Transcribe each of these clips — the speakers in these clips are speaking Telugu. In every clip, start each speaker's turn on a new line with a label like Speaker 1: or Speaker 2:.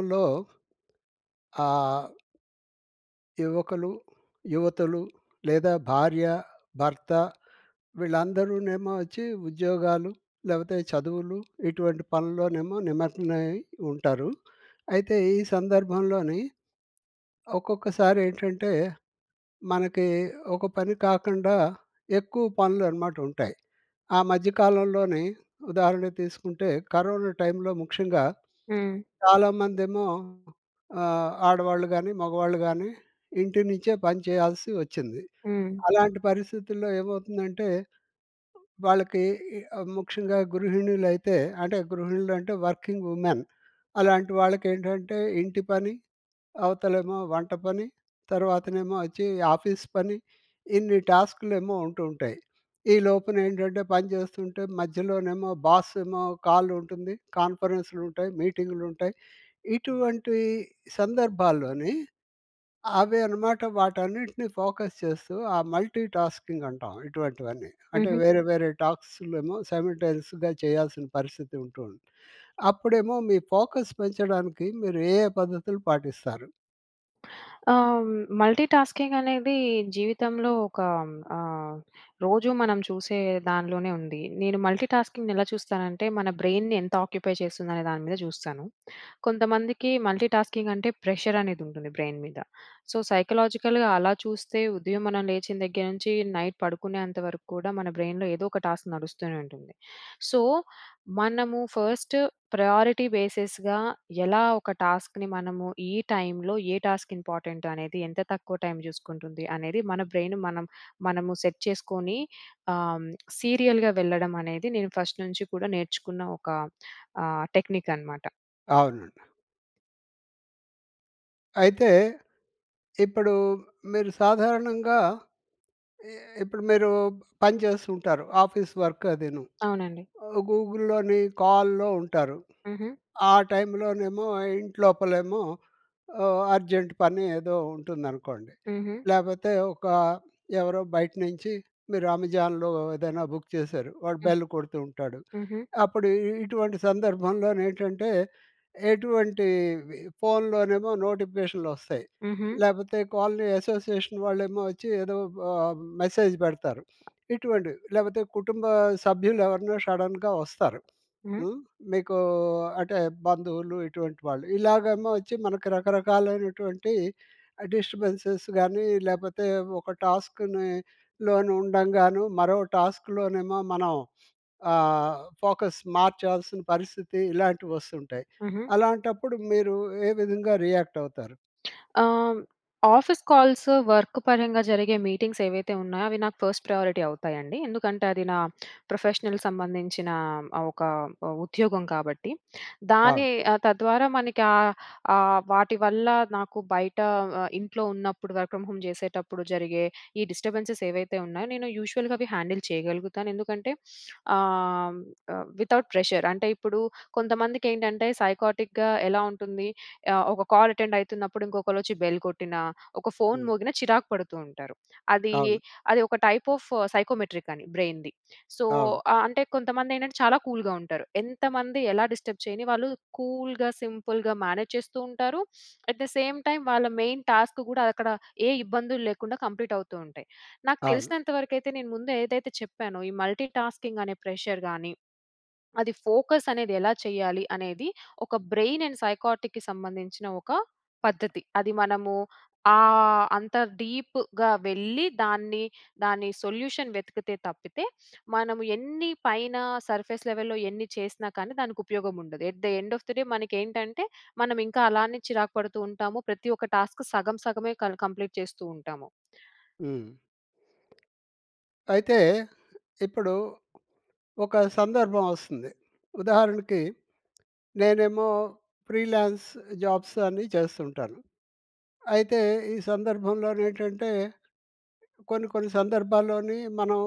Speaker 1: [unintelligible] లో ఆహ్... యువకులు, యువతులు లేదా భార్య, భర్త వీళ్ళందరూనేమో వచ్చి ఉద్యోగాలు, లేకపోతే చదువులు ఇటువంటి పనుల్లోనేమో నిమగ్నమై ఉంటారు. అయితే ఈ సందర్భంలోనీ, ఒక్కొక్కసారి ఏంటంటే, మనకి ఒక పని కాకుండా, ఎక్కువ పనులనమాట ఉంటాయి. ఆ మధ్య కాలంలోని ఉదాహరణ తీసుకుంటే, కరోనా టైంలో ముఖ్యంగా,
Speaker 2: హ్మ్.
Speaker 1: చాలామందేమో ఆహ్, ఆడవాళ్ళు గాని, మగవాళ్ళు గానీ ఇంటి నుంచే పని చేయాల్సి వచ్చింది.
Speaker 2: హ్మ్.
Speaker 1: అలాంటి పరిస్థితుల్లో ఏమవుతుందంటే, వాళ్ళకీ ఇ ఆహ్, ముఖ్యంగా గృహిణులైతే, అంటే గృహిణులు అంటే వర్కింగ్ ఉమెన్. అలాంటి వాళ్ళకేంటంటే ఇంటి పని, అవతలేమో వంట పని, తర్వాతనేమో వచ్చి ఆఫీస్ పని, ఇన్ని టాస్క్‌లేమో ఉంటుంటాయి. ఈలోపునేంటంటే పని చేస్తుంటే, మధ్యలోనేమో బాసేమో కాలుంటుంది. కాన్ఫరెన్స్‌లుంటాయి, మీటింగ్‌లుంటాయి. ఇటువంటి సందర్భాల్లోని, అవే అనమాట వాటన్నిటిని ఫోకస్ చేస్తూ ఆ మల్టీటాస్కింగ్ అంటాం, ఇటువంటివన్నీ. అంటే,
Speaker 2: హుహు.
Speaker 1: వేరే వేరే టాక్సులేమో సైమల్టేనియస్‌గా చేయాల్సిన పరిస్థితి ఉంటుంది. అప్పుడేమో మీ ఫోకస్ పెంచడానికి, మీరు ఏ ఏ పద్ధతులు పాటిస్తారు?
Speaker 2: ఆ! మల్టీటాస్కింగ్ అనేది జీవితంలో ఒక ఆహ్, రోజూ మనం చూసే దానిలోనే ఉంది. నేను మల్టీటాస్కింగ్‌ని ఎలా చూస్తానంటే మన బ్రెయిన్‌ని ఎంత ఆక్యుపై చేస్తుందనే దాని మీద చూస్తాను. కొంతమందికి మల్టీటాస్కింగ్ అంటే ప్రెషర్ అనేది ఉంటుంది బ్రెయిన్‌ మీద. సో, సైకలాజికల్‌గా అలా చూస్తే ఉదయం మనం లేచిన దగ్గర నుంచి, నైట్ పడుకునేంత వరకు కూడా మన బ్రెయిన్‌లో ఏదో ఒక టాస్క్ నడుస్తూనే ఉంటుంది. సో, మనము ఫస్ట్ ప్రయారిటీ బేసెస్‌గా ఎలా ఒక టాస్క్‌ని మనము ఈ టైమ్‌లో ఏ టాస్క్ ఇంపార్టెంట్ అనేది ఎంత తక్కువ టైమ్ చూసుకుంటుంది అనేది మన బ్రెయిన్‌ మనం మనము సెట్ చేసుకొని ఆహ్, సీరియల్‌గా వెళ్ళడం అనేది నేను ఫస్ట్ నుంచి కూడా నేర్చుకున్న ఒక ఆహ్, టెక్నిక్ అనమాట.
Speaker 1: అవునండి. అయితే ఇప్పుడు మీరు సాధారణంగా ఇ ఇప్పుడు మీరు పని చేస్తూ ఉంటారు ఆఫీస్ వర్క్ అదిను.
Speaker 2: అవునండి.
Speaker 1: ఆహ్, గూగుల్‍లోని కాల్‌లో ఉంటారు.
Speaker 2: హుహు.
Speaker 1: ఆ టైమ్‌లోనేమో ఇంట్లోపలేమో ఆహ్, అర్జెంట్ పని ఏదో ఉంటుందనుకోండి.
Speaker 2: హుహు.
Speaker 1: లేకపోతే ఒక ఎవరో బయట నుంచి మీరు అమెజాన్‍లో ఏదైనా బుక్ చేశారు. వాడు
Speaker 2: హ్మ్.
Speaker 1: బెల్ కొడుతూ ఉంటాడు.
Speaker 2: హుహు.
Speaker 1: అప్పుడు ఇటువంటి సందర్భంలో ఏంటంటే ఎటువంటి ఫోన్‌లోనేమో నోటిఫికేషన్లు వస్తాయి.
Speaker 2: హుహు.
Speaker 1: లేకపోతే కాలనీ అసోసియేషన్ వాళ్ళేమో వచ్చి ఏదో ఆహ్, మెసేజ్ పెడతారు. ఇటువంటివి. లేకపోతే కుటుంబ సభ్యులు ఎవరైనా షడన్‌గా వస్తారు.
Speaker 2: హ్మ్.
Speaker 1: హ్మ్. మీకు అంటే బంధువులు ఇటువంటి వాళ్ళు ఇలాగేమో వచ్చి మనకు రకరకాలైనటువంటి డిస్టర్బెన్స్ గాని లేకపోతే ఒక టాస్క్‌ని లోను ఉండంగాను మరో టాస్క్‌లోనేమో మనం ఆహ్, ఫోకస్ మార్చాల్సిన పరిస్థితి ఇలాంటివి వస్తుంటాయి.
Speaker 2: హుహు.
Speaker 1: అలాంటప్పుడు మీరు ఏ విధంగా రియాక్ట్ అవుతారు?
Speaker 2: ఆహ్, ఆఫీస్ కాల్స్ వర్క్ పరంగా జరిగే మీటింగ్స్ ఏవైతే ఉన్నాయో అవి నాకు ఫస్ట్ ప్రయారిటీ అవుతాయండి. ఎందుకంటే, అది నా ప్రొఫెషనల్ సంబంధించిన ఆహ్, ఒక ఉద్యోగం కాబట్టి.
Speaker 1: అవును.
Speaker 2: దాని తద్వారా మనకి ఆహ్, ఆహ్, వాటి వల్ల నాకు బయట ఇంట్లో ఉన్నప్పుడు వర్క్ ఫ్రమ్ హోమ్ చేసేటప్పుడు జరిగే ఈ డిస్టబెన్స్‌స్ ఏవైతే ఉన్నాయో, నేను యూషువల్‌గా అవి హ్యాండిల్ చేయగలుగుతాను. ఎందుకంటే ఆహ్, విత్‌అవుట్ ప్రెషర్ అంటే ఇప్పుడు కొంతమందికి ఏంటంటే సైక్ఆర్టిక్‌గా ఎలా ఉంటుంది. ఆహ్, ఒక కాల్ అటెండ్ అవుతున్నప్పుడు ఇంకొకళ్ళు వచ్చి బెల్ కొట్టినా, ఒక ఫోన్
Speaker 1: హ్మ్.
Speaker 2: మోగిన చిరాకు పడుతూ ఉంటారు. అది
Speaker 1: అవును.
Speaker 2: అది ఒక టైప్ ఆఫ్ సైకోమెట్రిక్ అని బ్రెయిన్‌ది. సో,
Speaker 1: అవును.
Speaker 2: ఆహ్, అంటే కొంతమంది ఏంటంటే చాలా కూల్‌గా ఉంటారు. ఎంతమంది ఎలా డిస్టర్బ్ చేయని వాళ్ళు కూల్‌గా, సింపుల్‌గా మేనేజ్ చేస్తూ ఉంటారు. ఏట్ ద సేమ్ టైమ్ వాళ్ళ మెయిన్ టాస్క్ కూడా అక్కడ ఏ ఇబ్బందులు లేకుండా కంప్లీట్ అవుతూ ఉంటాయి. నాకు
Speaker 1: అవును.
Speaker 2: తెలిసినంత వరకైతే నేను ముందు ఏదైతే చెప్పానో, ఈ మల్టీటాస్కింగ్ అనే ప్రెషర్ గాని అది ఫోకస్ అనేది ఎలా చేయాలి? అనేది ఒక బ్రెయిన్ అండ్ సైక్ఆర్టిక్‌‌కి సంబంధించిన ఒక పద్ధతి. అది మనము ఆ అంత డీప్‌గా వెళ్ళి దాన్ని దాన్ని సొల్యూషన్ వెతికితే తప్పితే మనము ఎన్ని పైన సర్ఫేస్ లెవెల్‌లో ఎన్ని చేసినా కానీ దానికి ఉపయోగం ఉండదు. At the end of the day మనకి ఏంటంటే మనం ఇంకా అలానే చిరాకు పడుతూ ఉంటాము. ప్రతి ఒక్క టాస్క్ సగం సగమే క కంప్లీట్ చేస్తూ ఉంటాము.
Speaker 1: హ్మ్. అయితే ఇప్పుడు ఒక సందర్భం వస్తుంది. ఉదాహరణకి నేనేమో ఫ్రీలాన్స్ జాబ్స్ అని చేస్తుంటాను. అయితే ఈ సందర్భంలో‌ని ఏంటంటే, కొన్ని కొన్ని సందర్భాల్లోని మనం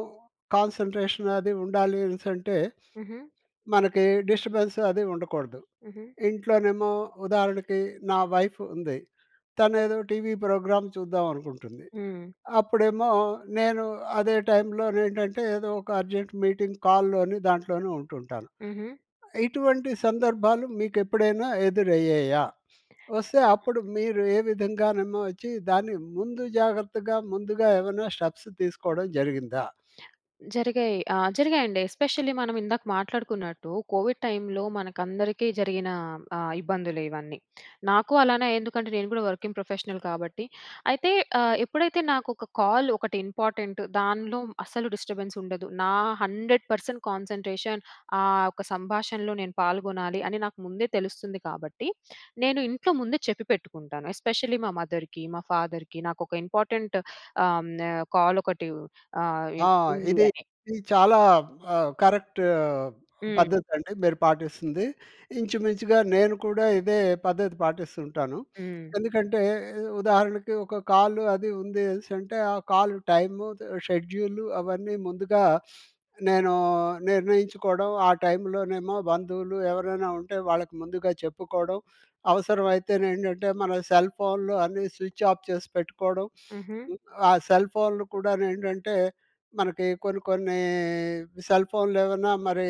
Speaker 1: కాన్సన్‌ట్రేషన్ అది ఉండాలి అనేసి అంటే,
Speaker 2: హుహు.
Speaker 1: మనకి డిస్టర్బెన్స్ అది ఉండకూడదు.
Speaker 2: హుహు.
Speaker 1: ఇంట్లోనేమో ఉదాహరణకి నా వైఫ్ ఉంది. తను ఏదో టీవీ ప్రోగ్రామ్ చూద్దాం అనుకుంటుంది.
Speaker 2: హ్మ్.
Speaker 1: అప్పుడేమో నేను అదే టైమ్‌లో‌ని ఏంటంటే ఏదో ఒక అర్జెంట్ మీటింగ్ కాల్‌లోని, దాంట్లోనే ఉంటుంటాను.
Speaker 2: హుహు.
Speaker 1: ఇటువంటి సందర్భాలు మీకు ఎప్పుడైనా ఎదురయ్యాయా? వస్తే అప్పుడు మీరు ఏ విధంగానేమో వచ్చి దాన్ని ముందు జాగ్రత్తగా, ముందుగా ఏమైనా స్టెప్స్ తీసుకోవడం జరిగిందా?
Speaker 2: జరిగాయి. ఆ! జరిగాయండి. ఎస్పెషల్లీ మనం ఇందాక మాట్లాడుకున్నట్టు కోవిడ్ టైమ్‌లో మనకందరికీ జరిగిన ఆహ్, ఇబ్బందులు ఇవన్నీ. నాకు అలానే ఎందుకంటే నేను కూడా వర్కింగ్ ప్రొఫెషనల్ కాబట్టి. అయితే ఆహ్, ఎప్పుడైతే నాకు ఒక కాల్ ఒకటి ఇంపార్టెంట్ దానిలో అస్సలు డిస్టర్బన్స్ ఉండదు. నా 100% కాన్సన్‌ట్రేషన్ ఆ ఒక సంభాషణలో నేను పాల్గొనాలి అని నాకు ముందే తెలుస్తుంది కాబట్టి. నేను ఇంట్లో ముందే చెప్పి పెట్టుకుంటాను. ఎస్పెషలీ మా మదర్‌కి, మా ఫాదర్‌కి నాకు ఒక ఇంపార్టెంట్ ఆహ్, హ్మ్, కాల్ ఒకటి ఆహ్, ఉ
Speaker 1: ఆ!
Speaker 2: ఉంది
Speaker 1: ఇది
Speaker 2: అని.
Speaker 1: ఇది చాలా ఆ! కరెక్ట్ ఆహ్,
Speaker 2: హ్మ్.
Speaker 1: పద్ధతి అండి మీరు పాటిస్తుంది. ఇంచుమించుగా నేను కూడా ఇదే పద్ధతి పాటిస్తూ ఉంటాను.
Speaker 2: హ్మ్.
Speaker 1: ఎందుకంటే ఉదాహరణకి ఒక కాల్ అది ఉందేసంటే ఆ కాల్ టైమ్, షెడ్యూల్ అవన్నీ ముందుగా నేను నేను నిర్ణయించుకోవడం ఆ టైమ్‌లోనేమో బంధువులు ఎవరైనా ఉంటే, వాళ్ళకి ముందుగా చెప్పుకోవడం అవసరమైతే ఏంటంటే మన సెల్ ఫోన్‌లు అన్నీ స్విచ్ ఆఫ్ చేసి పెట్టుకోవడం.
Speaker 2: హుహు.
Speaker 1: ఆ సెల్ ఫోన్‌లు కూడాను ఏంటంటే మనకి కొన్ని కొన్ని సెల్ ఫోన్‌లు ఏవన్నా మరి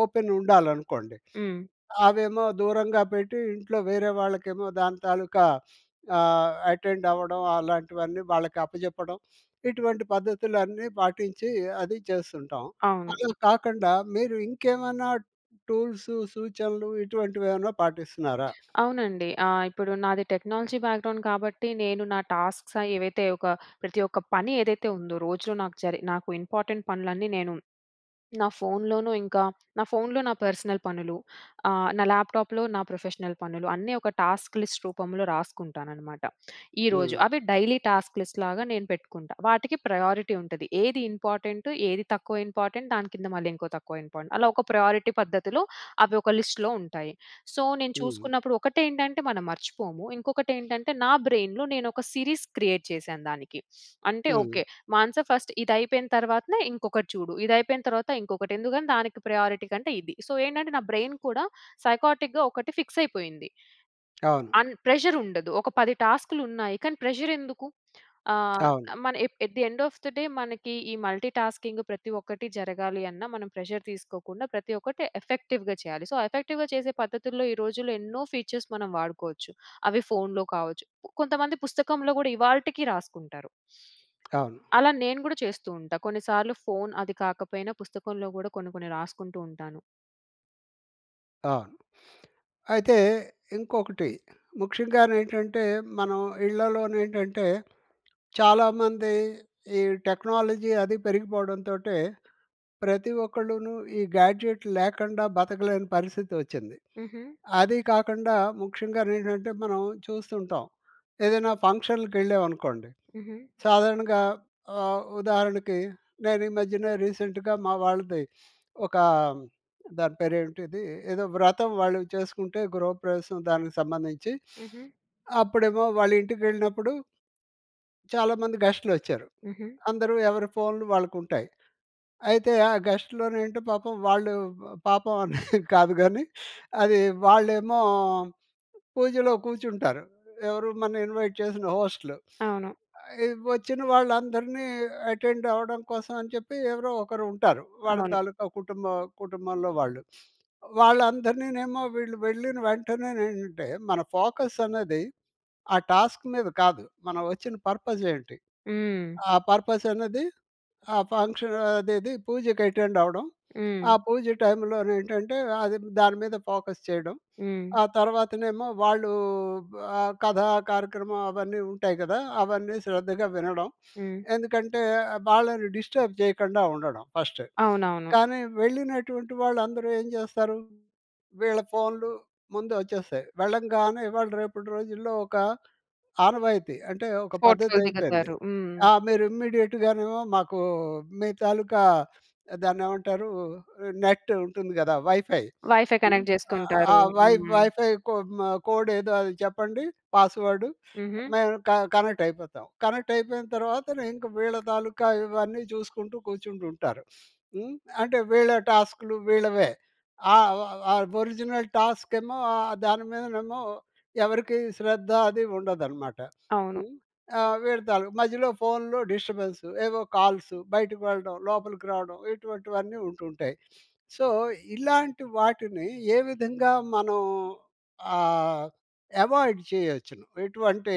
Speaker 1: ఓపెన్ ఉండాలనుకోండి
Speaker 2: హ్మ్.
Speaker 1: అవేమో దూరంగా పెట్టి ఇంట్లో వేరే వాళ్ళకేమో దాని తాలూకా ఆహ్, అటెండ్ అవ్వడం అలాంటివన్నీ వాళ్ళకి అప్పజెప్పడం ఇటువంటి పద్ధతులన్నీ పాటించి అది చేస్తుంటాం.
Speaker 2: అవును.
Speaker 1: అలా కాకుండా మీరు ఇంకేమన్నా టూల్స్ సూచనలు ఇటువంటివి ఏమన్నా పాటిస్తున్నారా?
Speaker 2: అవునండి ఆహ్, ఇప్పుడు నాది టెక్నాలజీ బ్యాక్‌గ్రౌండ్ కాబట్టి నేను నా టాస్క్స్ ఏవైతే ఒక ప్రతి ఒక్క పని ఏదైతే ఉందో రోజులో నాకు జరి నాకు ఇంపార్టెంట్ పనులన్నీ నేను నా ఫోన్‌లోనూ ఇంకా నా ఫోన్‌లో నా పర్సనల్ పనులు ఆహ్, నా ల్యాప్టాప్‌లో నా ప్రొఫెషనల్ పనులు అన్నీ ఒక టాస్క్ లిస్ట్ రూపంలో రాసుకుంటానన్నమాట. ఈరోజు
Speaker 1: హ్మ్.
Speaker 2: అవి డైలీ టాస్క్ లిస్ట్‌లాగా నేను పెట్టుకుంటా. వాటికి ప్రయారిటీ ఉంటది. ఏది ఇంపార్టెంట్ ఏది తక్కువ ఇంపార్టెంట్ దాని కింద మళ్ళీ ఇంకో తక్కువ ఇంపార్టెంట్ అలా ఒక ప్రయారిటీ పద్ధతిలో అవి ఒక లిస్ట్‌లో ఉంటాయి. సో, నేను
Speaker 1: హ్మ్.
Speaker 2: చూసుకున్నప్పుడు ఒకటేంటంటే మనం మర్చిపోము ఇంకొకటి ఏంటంటే నా బ్రెయిన్‌లో నేను ఒక సిరీస్ క్రియేట్సిరీస్ క్రియేట్ చేశాను దానికి. అంటే
Speaker 1: హ్మ్.
Speaker 2: ఓకే. మానస ఫస్ట్ ఇది అయిపోయిన తర్వాతనే ఇంకొకటి చూడు ఇది అయిపోయిన తర్వాత ఇంకొకటి ఎందుకంటే దానికి ప్రయారిటీ కంటే ఇది. సో, ఏంటంటే నా బ్రెయిన్ కూడా సైక్ఆర్టిక్‌‌‌గా ఒకటి ఫిక్స్ అయిపోయింది.
Speaker 1: అవును.
Speaker 2: అండ్ ప్రెషర్ ఉండదు. ఒక 10 టాస్క్‌లు ఉన్నాయి. కానీ ప్రెషర్ ఎందుకు? ఆహ్,
Speaker 1: అవును.
Speaker 2: మన ఏ at the of the day మనకి ఈ మల్టీటాస్కింగ్ ప్రతి ఒక్కటి జరగాలి అన్నా మనం ప్రెషర్ తీసుకోకుండా ప్రతి ఒక్కటి ఎఫెక్టివ్‌గా చేయాలి. సో, ఎఫెక్టివ్‌గా చేసే పద్ధతుల్లో ఈ రోజుల్లో ఎన్నో ఫీచర్స్ మనం వాడుకోవచ్చు. అవి ఫోన్‌లో కావచ్చు. కొంతమంది పుస్తకంలో కూడా ఇవాల్టికీ రాసుకుంటారు.
Speaker 1: అవును.
Speaker 2: అలా నేను కూడా చేస్తూ ఉంటా. కొన్ని సార్లు ఫోన్ అది కాకపోయినా పుస్తకంలో కూడా కొన్ని కొన్ని రాసుకుంటూ ఉంటాను.
Speaker 1: అవును. అయితే, ఇంకొకటి ముఖ్యంగానేంటంటే, మనం ఇళ్లలోనేంటంటే చాలామంది ఈ టెక్నాలజీ అది పెరిగిపోవడంతోటే ప్రతి ఒక్కళ్ళును ఈ గ్యాడ్జెట్ లేకండా బతకలేని పరిస్థితి వచ్చింది.
Speaker 2: ఉహూ.
Speaker 1: అది కాకుండా ముఖ్యంగానేంటంటే, మనం చూస్తూ ఉంటాం. ఏదైనా ఫంక్షన్‍‌లకెళ్ళేవనుకోండి
Speaker 2: ఉహూ.
Speaker 1: సాధారణంగా ఆహ్, ఉదాహరణకి నేను ఈ మధ్యన రీసెంట్‌గా మా వాళ్ళది ఒకా, దాని పేరు ఏంటిది, ఏదో వ్రతం వాళ్ళు చేసుకుంటే గృహప్రవేశం దానికి సంబంధించి
Speaker 2: ఉహూ.
Speaker 1: అప్పుడేమో వాళ్ళ ఇంటికెళ్ళినప్పుడు... చాలామంది గెస్ట్‌లోచ్చారు.
Speaker 2: ఉహూ.
Speaker 1: అందరూ ఎవరి ఫోన్‌లు వాళ్ళకుంటాయి. అయితే, ఆ గెస్ట్‌లోని ఏంటో పాపం వాళ్ళు, వ పాపం అని కాదు గానీ అది వాళ్ళేమో పూజలో కూర్చుంటారు. ఎవరు మన ఇన్వైట్ చేసిన హోస్ట్‌లు.
Speaker 2: అవును.
Speaker 1: ఆహ్, వచ్చిన వాళ్ళందరినీ అటెండ్ అవ్వడం కోసం అని చెప్పి ఎవరో ఒకరు ఉంటారు. వాళ్ళ
Speaker 2: అవును.
Speaker 1: తాలూకా కుటుంబ కుటుంబంలో వాళ్ళు. వాళ్ళందరినీ ఏమో వీళ్ళు వెళ్ళిన వెంటనే ఏంటంటే, మన ఫోకస్ అనేది, ఆ టాస్క్ మీద కాదు మనం వచ్చిన పర్పస్ ఏంటి?
Speaker 2: హ్మ్.
Speaker 1: ఆ పర్పసనేది, ఆ ఫంక్షన్ అదేది పూజకి అటెండ్ అవ్వడం. ఆ
Speaker 2: హ్మ్.
Speaker 1: పూజ టైమ్‌లో నేంటంటే, అది దాని మీద ఫోకస్ చేయడం.
Speaker 2: హ్మ్.
Speaker 1: ఆ తర్వాతనేమో వాళ్ళు, ఆ కథా కార్యక్రమం అవన్నీ ఉంటాయి గదా! అవన్నీ శ్రద్ధగా వినడం.
Speaker 2: హ్మ్.
Speaker 1: ఎందుకంటే వాళ్ళని డిస్టర్బ్ చేయకుండా ఉండడం ఫస్ట్.
Speaker 2: అవునవును.
Speaker 1: కానీ, వెళ్ళినటువంటి వాళ్ళందరూ ఏం చేస్తారు, వీళ్ళ ఫోన్‌లు ముందు వచ్చేస్తాయి. వెళ్ళంగానే ఇవాళ రేపటి రోజుల్లో ఒక ఆనవాయితీ అంటే, ఒక
Speaker 2: ఫోటోలు
Speaker 1: పద్ధతైపోయింది.
Speaker 2: దిగతారు. హ్మ్.
Speaker 1: ఆ! మీరు ఇమ్మీడియేట్‌గాను మాకు, మీ తాలూకా దాన్ని ఏమంటారు, నెట్టు ఉంటుంది గదా వైఫై
Speaker 2: వైఫై
Speaker 1: హ్మ్,
Speaker 2: కనెక్ట్
Speaker 1: ఆహ్, ఆ
Speaker 2: చేసుకుంటారు.
Speaker 1: వై
Speaker 2: హ్మ్.
Speaker 1: వైఫై కోడ్ హ్మ్ కోడేదో అది చెప్పండి, పాస్వర్డు
Speaker 2: ఉహూ.
Speaker 1: మేము క కనెక్ట్ అయిపోతాం. కనెక్టైపోయిన తర్వాత, ఇంక వీళ్ళ తాలూకా ఇవన్నీ చూసుకుంటూ కూర్చుంటూ ఉంటారు. హ్మ్, అంటే వీళ్ళ టాస్క్‌లు వీళ్ళవే! ఆ ఆహ్, ఒరిజినల్ టాస్క్ ఏమో ఆహ్, దాని మీదనేమో ఎవరికీ శ్రద్ధ అది ఉండదన్నమాట.
Speaker 2: అవును.
Speaker 1: హ్మ్, ఆహ్, వీళ్ళ తాలూకా మధ్యలో ఫోన్‌లో డిస్టర్బెన్స్ ఏవో కాల్సు బయటకి వెళ్ళడం, లోపలికి రావడం ఇటువంటివన్నీ ఉంటూ ఉంటాయి. సో, ఇలాంటి వాటిని ఏ విధంగా మనం ఆహ్, ఎవాయిడ్ చేయొచ్చును? ఇటువంటి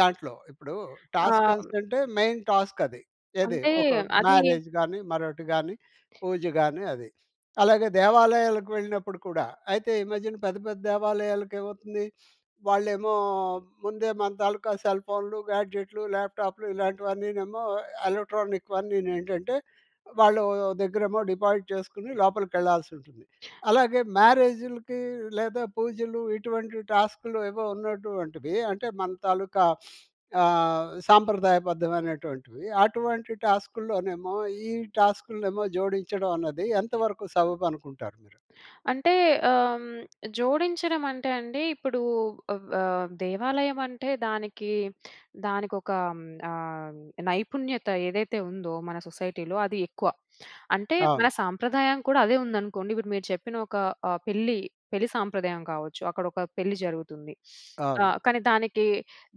Speaker 1: దాంట్లో. ఇప్పుడు టాస్కస్
Speaker 2: అం
Speaker 1: అంటే, మెయిన్ టాస్క్ అది. ఏది
Speaker 2: అంటే
Speaker 1: ఒక
Speaker 2: అది
Speaker 1: మ్యారేజ్ గాని, మరొకటి గాని, పూజ గాని అది. అలాగే దేవాలయాలకు వెళ్ళినప్పుడు కూడా అయితే, ఈ మధ్యన పెద్ద, పెద్ద దేవాలయాలకి ఏమవుతుంది! వాళ్ళేమో ముందే మన తాలూకా సెల్ ఫోన్‌లు, గ్యాడ్జెట్‌లు, ల్యాప్టాప్‌లు ఇలాంటివన్నీనేమో ఎలక్ట్రానిక్‌వన్నీను ఏంటంటే వాళ్ళ దగ్గరేమో డిపాజిట్ చేసుకొని లోపలికెళ్ళాల్సి ఉంటుంది. అలాగే, మ్యారేజ్‌‌లుకి లేదా పూజలు ఇటువంటి టాస్క్‌లు ఏవో ఉన్నటువంటివే అంటే, మన తాలూకా ఆహ్, సాంప్రదాయబద్ధమైనటువంటివి, అటువంటి టాస్క్‌లోనేమో ఈ టాస్క్‌లనేమో జోడించడం అన్నది ఎంతవరకు సబబు అనుకుంటారు మీరు?
Speaker 2: అంటే ఆహ్, జోడించడం అంటే అండి ఇప్పుడు ఆహ్, వ దేవాలయం అంటే దానికి దానికొక హ్మ్, ఆహ్, నైపుణ్యత ఏదైతే ఉందో మన సొసైటీలో అది ఎక్కువ. అంటే, మన
Speaker 1: అవును.
Speaker 2: సాంప్రదాయం కూడా అదే ఉందనుకోండి. ఇప్పుడు మీరు చెప్పిన ఒక ఆహ్, పెళ్ళి. పెళ్లి సాంప్రదాయం కావచ్చు, అక్కడ ఒక పెళ్ళి జరుగుతుంది.
Speaker 1: అవును.
Speaker 2: ఆహ్, కానీ దానికి,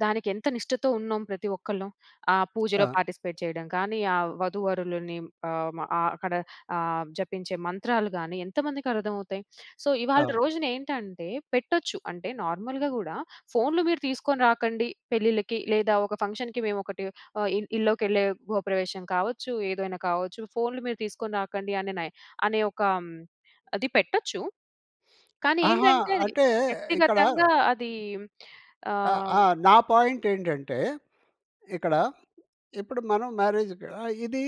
Speaker 2: దానికి ఎంత నిష్టతో ఉన్నాం ప్రతి ఒక్కళ్ళం. ఆ పూజలో
Speaker 1: ఆ!
Speaker 2: పార్టిసిపేట్ చేయడం కాని, ఆ వధూవరులని ఆహ్, మ అక్కడ ఆహ్, జపించే మంత్రాలు గాని ఎంతమందికి అర్థమవుతాయి. సో, ఇవాల్టి
Speaker 1: ఆ!
Speaker 2: రోజున ఏంటంటే పెట్టొచ్చు. అంటే నార్మల్‌గా కూడా ఫోన్‌లు మీరు తీసుకొని రాకండి, పెళ్ళిళ్ళకి లేదా ఒక ఫంక్షన్‌‌కి మేము ఒకటి ఆహ్, ఇల్ ఇల్లోకెళ్ళే గృహప్రవేశం కావచ్చు. ఏదైనా కావచ్చు. ఫోన్‌లు మీరు తీసుకొని రాకండి అనే నై అనే ఒక హ్మ్, అది పెట్టొచ్చు. కానీ,
Speaker 1: అహా!
Speaker 2: ఏంటంటే
Speaker 1: అంటే ఇక్కడ
Speaker 2: వ్యక్తిగతంగా అది ఆ
Speaker 1: ఆ! ఆహ్, నా పాయింట్ ఏంటంటే ఇక్కడ, ఇప్పుడు మనం మ్యారేజ్‌కు ఆహ్, ఇదీ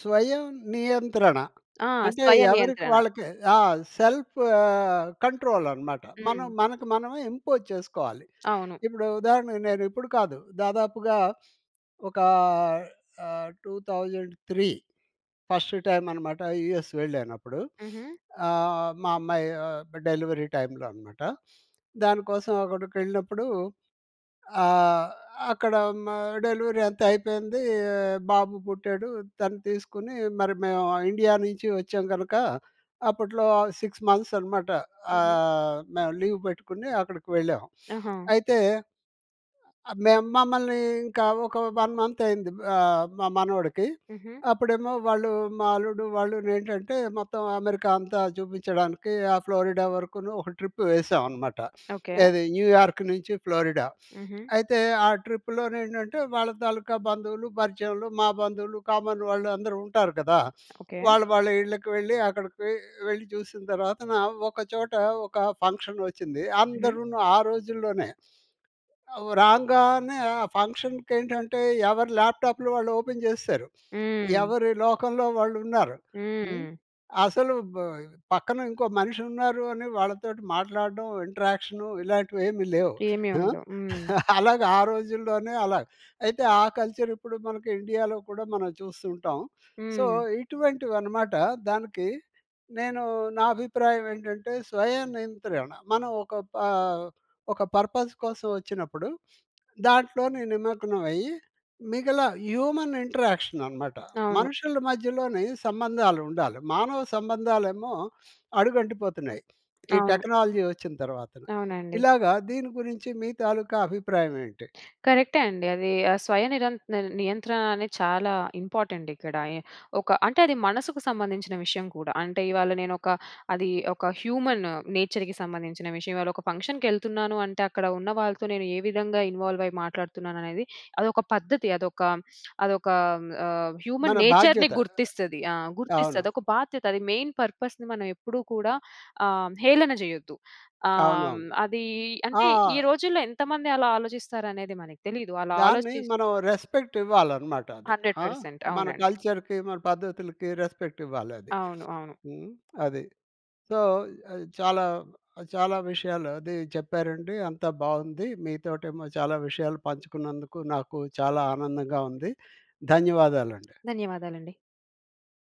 Speaker 1: స్వయం నియంత్రణ
Speaker 2: ఆ!
Speaker 1: అంటే
Speaker 2: స్వయ
Speaker 1: ఎవరికి
Speaker 2: నియంత్రణ.
Speaker 1: వాళ్ళకే ఆ! సెల్ఫ్ ఆహ్, కంట్రోల్ అన్నమాట! మనం
Speaker 2: హ్మ్.
Speaker 1: మనకు, మనమే ఇంపోజ్ చేసుకోవాలి.
Speaker 2: అవును.
Speaker 1: ఇప్పుడు ఉదాహరణకు నేను ఇప్పుడు కాదు దాదాపుగా ఒక ఆహ్, 2003 ఫస్టు టైమ్ అన్నమాట యూఎస్ వెళ్ళానప్పుడు.
Speaker 2: హుహు.
Speaker 1: ఆహ్, మా అమ్మాయి ఆహ్, డెలివరీ టైమ్‌లో అన్నమాట. దానికోసం అక్కడికెళ్ళినప్పుడు, ఆహ్, అక్కడ మా డెలివరీ అంతా అయిపోయిందీ. బాబు పుట్టాడు, తను తీసుకొని మరి మేము ఇండియా నుంచి వచ్చాం గనుక అప్పట్లో ఆ 6 మంత్స్ అన్నమాట.
Speaker 2: హుహు.
Speaker 1: ఆహ్, మేము లీవ్ పెట్టుకొని అక్కడికి వెళ్ళాం.
Speaker 2: ఆహా!
Speaker 1: అయితే... మేము మమ్మల్ని ఇంకా ఒక, 1 మంత్ అయింది. ఆహ్, మా మనవడికి
Speaker 2: హుహు.
Speaker 1: అప్పుడేమో వాళ్ళు మా అల్లుడు వాళ్ళును ఏంటంటే మొత్తం అమెరికా అంతా చూపించడానికి, ఆ ఫ్లోరిడా వరకును ఒక ట్రిప్ వేసామన్నమాట.
Speaker 2: ఓకే.
Speaker 1: ఏది న్యూయార్క్ నుంచి ఫ్లోరిడా.
Speaker 2: హుహు.
Speaker 1: అయితే ఆ ట్రిప్‌లోని ఏంటంటే వాళ్ళ తాలూకా బంధువులు, పరిచయంలు మా బంధువులు కామన్ వాళ్ళు అందరూ ఉంటారు కదా!
Speaker 2: ఓకే.
Speaker 1: వాళ్ళు, వాళ్ళ ఇళ్ళకి వెళ్ళి అక్కడికి వెళ్ళి చూసిన తర్వాతన ఒక చోట ఒక ఫంక్షన్ వచ్చింది.
Speaker 2: హుహు.
Speaker 1: అందరును ఆ రోజుల్లోనే, రాంగానే, ఆ ఫంక్షన్‌కి ఏంటంటే ఎవరు ల్యాప్టాప్‌లు వాళ్ళు ఓపెన్ చేసేసారు.
Speaker 2: హ్మ్.
Speaker 1: ఎవరి లోకంలో వాళ్ళు ఉన్నారు. హ్మ్,
Speaker 2: హ్మ్.
Speaker 1: అసలు బ్ పక్కన ఇంకో మనిషి ఉన్నారు అని వాళ్ళతోటి మాట్లాడడం ఇంటరాక్షను ఇలాంటివి ఏమి లేవు.
Speaker 2: ఏమి
Speaker 1: ఆ!
Speaker 2: ఉండవు. హ్మ్.
Speaker 1: అలాగ ఆ రోజుల్లోనే అలా! అయితే ఆ కల్చర్ ఇప్పుడు మనకు ఇండియాలో కూడా మనం చూస్తూ ఉంటాం. సో,
Speaker 2: హ్మ్.
Speaker 1: ఇటువంటివి అన్నమాట దానికి నేను నా అభిప్రాయం ఏంటంటే స్వయ నియంత్రణ మనం ఒక ప ఒక పర్పస్ కోసం వచ్చినప్పుడు దాంట్లోనే నిమగ్నమయ్యి మిగల హ్యూమన్ ఇంటరాక్షన్ అన్నమాట!
Speaker 2: అవును.
Speaker 1: మనుషుల మధ్యలోని సంబంధాలు ఉండాలి. మానవ సంబంధాలేమో అడుగంటిపోతున్నాయి. ఈ
Speaker 2: అవును.
Speaker 1: టెక్నాలజీ వచ్చిన తర్వాతన.
Speaker 2: అవునండి.
Speaker 1: ఇలాగ దీని గురించి మీ తాలూకా అభిప్రాయం ఏంటి?
Speaker 2: కరెక్టే అండి అది. ఆ స్వయ నిరంత నియంత్రణ అనేది చాలా ఇంపార్టెంట్ ఇక్కడ ఆయే. ఒక అంటే అది మనసుకు సంబంధించిన విషయం కూడా. అంటే ఇవాళ నేను ఒక అది ఒక హ్యూమన్ నేచర్‌కి సంబంధించిన విషయం. ఇవాళ ఒక ఫంక్షన్‌కెళ్తున్నాను అంటే, అక్కడ ఉన్న వాళ్ళతో నేను ఏ విధంగా ఇన్వాల్వ్ అయ్యి మాట్లాడుతున్నాను అనేది అదొక పద్ధతి అదొక అదొక ఆహ్, హ్యూమన్
Speaker 1: మన
Speaker 2: నేచర్‌ని
Speaker 1: బాధ్యత.
Speaker 2: గుర్తిస్తది. ఆ!
Speaker 1: అవును.
Speaker 2: గుర్తిస్తది. ఒక బాధ్యత అది మెయిన్ పర్పస్‌ని మనం ఎప్పుడు కూడా ఆహ్, హేళన చేయొద్దు. ఆహ్,
Speaker 1: అవునవును.
Speaker 2: అది
Speaker 1: ఆ!
Speaker 2: అంటే ఈ రోజుల్లో ఎంతమంది అలా ఆలోచిస్తారు అనేది మనకి తెలియదు. అలా
Speaker 1: దాన్ని
Speaker 2: ఆలోచి
Speaker 1: మనం రెస్పెక్ట్ ఇవ్వాలన్నమాట అదే
Speaker 2: హండ్రెడ్
Speaker 1: ఆహ్!
Speaker 2: పర్సెంట్
Speaker 1: మన
Speaker 2: అవునండి.
Speaker 1: కల్చర్‌కి మన పద్ధతులకి రెస్పెక్ట్ ఇవ్వాలి అది.
Speaker 2: అవును. అవును.
Speaker 1: హ్మ్, అది. సో, చాలా, చాలా విషయాలు అది చెప్పారండి అంతా బాగుంది. మీతోటేమో చాలా విషయాలు పంచుకున్నందుకు, నాకు చాలా ఆనందంగా ఉంది. ధన్యవాదాలండి.
Speaker 2: ధన్యవాదాలండి.